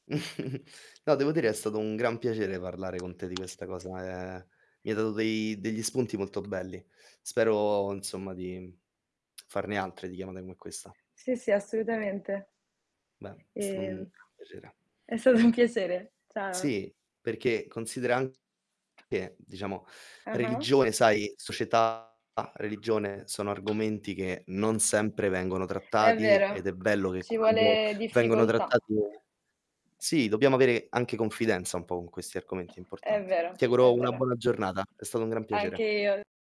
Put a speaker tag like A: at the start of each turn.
A: No, devo dire è stato un gran piacere parlare con te di questa cosa, ehm, mi hai dato dei degli spunti molto belli. Spero insomma di farne altre di chiamata come questa.
B: Sì, sì, assolutamente.
A: Beh, è stato un
B: Ehm,
A: gran piacere.
B: è stato un piacere. Ciao.
A: Sì, perché consideran [unintelligible] che diciamo
B: Ah-ah.
A: religione, sai, società, religione sono argomenti che non sempre vengono
B: È
A: trattati, ed
B: vero,
A: è bello che
B: ci
A: quando
B: vuole
A: vengono
B: difficoltà.
A: trattati e sì, dobbiamo avere anche confidenza un po' con questi argomenti, è
B: È
A: importante.
B: vero,
A: Ti
B: è
A: auguro una
B: vero.
A: buona giornata, è stato un gran
B: Anche
A: piacere.
B: io.